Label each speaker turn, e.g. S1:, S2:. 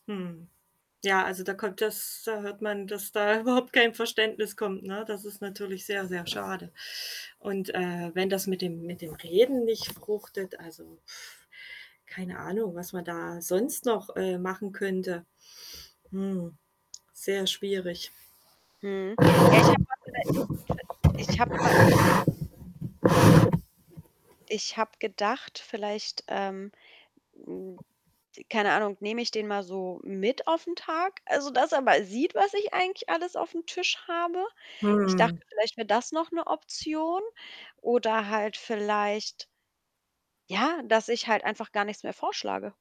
S1: Mhm. Ja, also, da kommt das da hört man, dass da überhaupt kein Verständnis kommt, ne? Das ist natürlich sehr, sehr schade. Und, äh, wenn das mit dem mit dem Reden nicht fruchtet, also, pf keine Ahnung, was man da sonst noch, äh, machen könnte. Hm, sehr schwierig.
S2: Mhm. Ja, ich habe mal für 'ne [unintelligible] ich habe mal Ich habe gedacht, vielleicht, ähm, hm, äh, t keine Ahnung, nehme ich den mal so mit auf 'n Tag, also, dass er mal sieht, was ich eigentlich alles auf'm Tisch habe. Ich dachte,
S1: Hm.
S2: vielleicht wäre das noch 'ne Option oder halt vielleicht ja, dass ich halt einfach gar nichts mehr vorschlage?